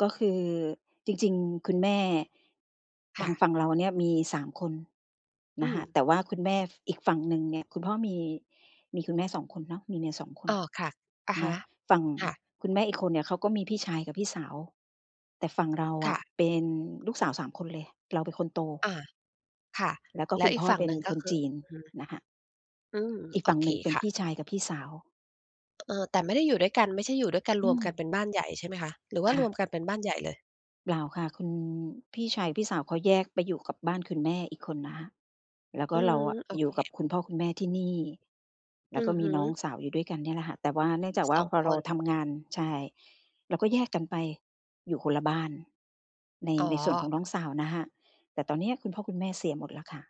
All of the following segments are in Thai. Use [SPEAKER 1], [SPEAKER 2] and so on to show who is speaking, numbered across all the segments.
[SPEAKER 1] ก็คือ จริง ๆ คุณแม่
[SPEAKER 2] ค
[SPEAKER 1] ท
[SPEAKER 2] ่
[SPEAKER 1] างฝ
[SPEAKER 2] ะ
[SPEAKER 1] ั่งเราเนี่ย มี 3 คน
[SPEAKER 2] อื
[SPEAKER 1] นะคะ
[SPEAKER 2] ม
[SPEAKER 1] แต่ว่าคุณแม่ ฝ อีกฝั่งหนึ่งเนี่ย คุณพ่อมี มีคุณแม่ 2 คนเนาะ มีเมีย 2 คน
[SPEAKER 2] อ้อ ค่ะ อะ
[SPEAKER 1] เ
[SPEAKER 2] ฮ
[SPEAKER 1] นา
[SPEAKER 2] ะ
[SPEAKER 1] ะ ฝั่ง
[SPEAKER 2] ค่ะ
[SPEAKER 1] คุณแม่อีกคนเนี่ย เขาก็มีพี่ชายกับพี่สาว แต่ฝั่งเรา
[SPEAKER 2] ค
[SPEAKER 1] อ
[SPEAKER 2] ่
[SPEAKER 1] ะ
[SPEAKER 2] ะ
[SPEAKER 1] เป็นลูกสาว 3 คนเลย เราเป็นคนโต
[SPEAKER 2] อา ค่ะ
[SPEAKER 1] แล้วก็
[SPEAKER 2] แล้
[SPEAKER 1] คุ
[SPEAKER 2] ว
[SPEAKER 1] ณ
[SPEAKER 2] อี
[SPEAKER 1] พ
[SPEAKER 2] ก
[SPEAKER 1] ่อ
[SPEAKER 2] ฝั่
[SPEAKER 1] เ
[SPEAKER 2] ง
[SPEAKER 1] ป็
[SPEAKER 2] หน
[SPEAKER 1] น
[SPEAKER 2] ึ่งก
[SPEAKER 1] ค
[SPEAKER 2] ็
[SPEAKER 1] น
[SPEAKER 2] คื
[SPEAKER 1] จ
[SPEAKER 2] อ
[SPEAKER 1] ีน
[SPEAKER 2] อืม
[SPEAKER 1] นะคะ
[SPEAKER 2] อืม
[SPEAKER 1] อีก
[SPEAKER 2] โอ
[SPEAKER 1] ฝั่ง
[SPEAKER 2] เคค่ะ
[SPEAKER 1] หนึ่งเป็นพี่ชายกับพี่สาว
[SPEAKER 2] เอ่อ แต่ไม่ได้อยู่ด้วยกัน ไม่ใช่อยู่ด้วยกัน
[SPEAKER 1] อ
[SPEAKER 2] ร
[SPEAKER 1] ื
[SPEAKER 2] วมกันเป
[SPEAKER 1] ม
[SPEAKER 2] ็นบ้านใหญ่ ใช่ไหมคะ หรือว่
[SPEAKER 1] ค
[SPEAKER 2] า
[SPEAKER 1] ่
[SPEAKER 2] รว
[SPEAKER 1] ะ
[SPEAKER 2] มกันเป็นบ้านใหญ่เลย?
[SPEAKER 1] เปล่าค่ะ คุณพี่ชาย พี่สาวเขาแยกไปอยู่กับบ้านคุณแม่อีกคนนะคะ แล้วก
[SPEAKER 2] อ
[SPEAKER 1] ็
[SPEAKER 2] ื
[SPEAKER 1] เรา
[SPEAKER 2] ม
[SPEAKER 1] อะ
[SPEAKER 2] โอ
[SPEAKER 1] อย
[SPEAKER 2] เ
[SPEAKER 1] ู
[SPEAKER 2] ค
[SPEAKER 1] ่กับคุณพ่อคุณแม่ที่นี่ แล
[SPEAKER 2] อ
[SPEAKER 1] ้
[SPEAKER 2] ื
[SPEAKER 1] วก็
[SPEAKER 2] อ
[SPEAKER 1] ม
[SPEAKER 2] ฮ
[SPEAKER 1] ี
[SPEAKER 2] ึ
[SPEAKER 1] น้องสาวอยู่ด้วยกันเนี่ยแหละค่ะ แต่ว่าเนื่องจากว
[SPEAKER 2] ส
[SPEAKER 1] ่า
[SPEAKER 2] อง
[SPEAKER 1] พอ
[SPEAKER 2] ค
[SPEAKER 1] เรา
[SPEAKER 2] น
[SPEAKER 1] ทำงาน ใช่ เราก็แยกกันไปอยู่คนละบ้าน ใน
[SPEAKER 2] อ๋อ
[SPEAKER 1] ในส่วนของน้องสาวนะคะ แต่ตอนเนี้ย คุณพ่อคุณแม่เสียหมดแล้วค่ะ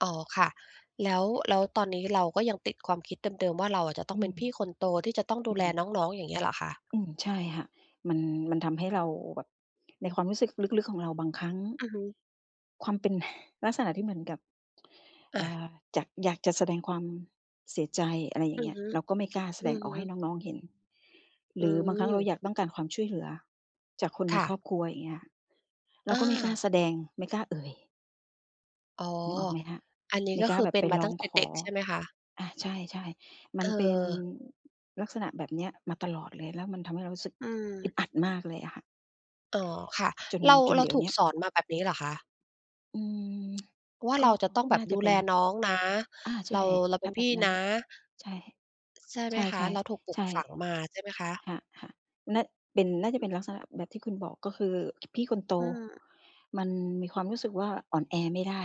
[SPEAKER 2] อ๋อ ค่ะ แล้ว แล้วตอนนี้เราก็ยังติดความคิดเดิม ๆ ว่า เราอะจะต้
[SPEAKER 1] อ
[SPEAKER 2] อ
[SPEAKER 1] ื
[SPEAKER 2] งเป็
[SPEAKER 1] ม
[SPEAKER 2] นพี่คนโต ที่จะต้องด
[SPEAKER 1] อ
[SPEAKER 2] ู
[SPEAKER 1] ื
[SPEAKER 2] แล
[SPEAKER 1] ม
[SPEAKER 2] น้อง ๆ อย่างเงี้ยเหรอคะ?
[SPEAKER 1] อืม ใช่ค่ะ มัน มันทำให้เราแบบในความรู้สึกลึก ๆ ของเราบางครั้ง
[SPEAKER 2] อือฮึ
[SPEAKER 1] ความเป็น ลักษณะที่เหมือนกับ
[SPEAKER 2] อ
[SPEAKER 1] เอ่
[SPEAKER 2] า
[SPEAKER 1] อ อยาก อยากจะแสดงความเสียใจ อะไรอย
[SPEAKER 2] อ
[SPEAKER 1] ่า
[SPEAKER 2] ื
[SPEAKER 1] งเง
[SPEAKER 2] อ
[SPEAKER 1] ี้ย
[SPEAKER 2] ฮึ
[SPEAKER 1] เราก็ไม่กล้าแส
[SPEAKER 2] อื
[SPEAKER 1] ดง
[SPEAKER 2] อ
[SPEAKER 1] อ
[SPEAKER 2] ฮ
[SPEAKER 1] อกให้
[SPEAKER 2] ึ
[SPEAKER 1] น้อง ๆ เห็น
[SPEAKER 2] อ
[SPEAKER 1] ห
[SPEAKER 2] ื
[SPEAKER 1] รือบางครั้งเรา
[SPEAKER 2] ม
[SPEAKER 1] อยากต้องการความช่วยเหลือจากคนใ
[SPEAKER 2] ค
[SPEAKER 1] น
[SPEAKER 2] ่
[SPEAKER 1] คร
[SPEAKER 2] ะ
[SPEAKER 1] อบครัว อย่างเงี้ย เร
[SPEAKER 2] อ
[SPEAKER 1] าก็ไม่กล้า
[SPEAKER 2] า
[SPEAKER 1] แสดง ไม่กล้าเอ่ย
[SPEAKER 2] อ๋อ
[SPEAKER 1] นึกออกไหมคะ
[SPEAKER 2] อันนี้
[SPEAKER 1] ไม่
[SPEAKER 2] ก็
[SPEAKER 1] กล้
[SPEAKER 2] ค
[SPEAKER 1] า
[SPEAKER 2] ือ
[SPEAKER 1] แบ
[SPEAKER 2] เ
[SPEAKER 1] บ
[SPEAKER 2] ป็
[SPEAKER 1] ไป
[SPEAKER 2] นมา
[SPEAKER 1] ร้
[SPEAKER 2] ต
[SPEAKER 1] อ
[SPEAKER 2] ั้
[SPEAKER 1] ง
[SPEAKER 2] งแต่
[SPEAKER 1] ข
[SPEAKER 2] เด็
[SPEAKER 1] อ
[SPEAKER 2] ก ใช่ไหมคะ?
[SPEAKER 1] อา ใช่ ๆ มันเป็น
[SPEAKER 2] เออ
[SPEAKER 1] ลักษณะแบบเนี้ยมาตลอดเลย แล้วมันทำให้เรารู้สึก
[SPEAKER 2] อื
[SPEAKER 1] อึ
[SPEAKER 2] ม
[SPEAKER 1] ดอัดมากเลยอะค่ะ
[SPEAKER 2] อ๋อ ค่ะ
[SPEAKER 1] จน
[SPEAKER 2] เรา
[SPEAKER 1] จน
[SPEAKER 2] เร
[SPEAKER 1] เ
[SPEAKER 2] า
[SPEAKER 1] ดี๋ยว
[SPEAKER 2] ถู
[SPEAKER 1] เน
[SPEAKER 2] ก
[SPEAKER 1] ี้ย
[SPEAKER 2] สอนมาแบบนี้เหรอคะ?
[SPEAKER 1] อืม
[SPEAKER 2] ว่า
[SPEAKER 1] ก
[SPEAKER 2] เร
[SPEAKER 1] ็
[SPEAKER 2] าจะต้องแบ
[SPEAKER 1] น่
[SPEAKER 2] บ
[SPEAKER 1] าจ
[SPEAKER 2] ดู
[SPEAKER 1] ะเป
[SPEAKER 2] แ
[SPEAKER 1] ็
[SPEAKER 2] ล
[SPEAKER 1] น
[SPEAKER 2] น้องนะ
[SPEAKER 1] อา ใ
[SPEAKER 2] เร
[SPEAKER 1] ช
[SPEAKER 2] า
[SPEAKER 1] ่
[SPEAKER 2] เราเ
[SPEAKER 1] ถ้
[SPEAKER 2] ป็
[SPEAKER 1] า
[SPEAKER 2] น
[SPEAKER 1] แบ
[SPEAKER 2] พี่
[SPEAKER 1] บนั
[SPEAKER 2] น
[SPEAKER 1] ้น
[SPEAKER 2] ะ
[SPEAKER 1] ใช่
[SPEAKER 2] ใช่ไห
[SPEAKER 1] ใ
[SPEAKER 2] ม
[SPEAKER 1] ช
[SPEAKER 2] คะ
[SPEAKER 1] ่
[SPEAKER 2] เราถูกปลู
[SPEAKER 1] ๆ ใช
[SPEAKER 2] ก
[SPEAKER 1] ่
[SPEAKER 2] ฝังมา ใช่ไหมคะ?
[SPEAKER 1] ค่ะ ๆ น่า เป็น น่าจะเป็นลักษณะแบบที่คุณบอก ก็คือพี่คนโต
[SPEAKER 2] อืม
[SPEAKER 1] มันมีความรู้สึกว่า อ่อนแอไม่ได้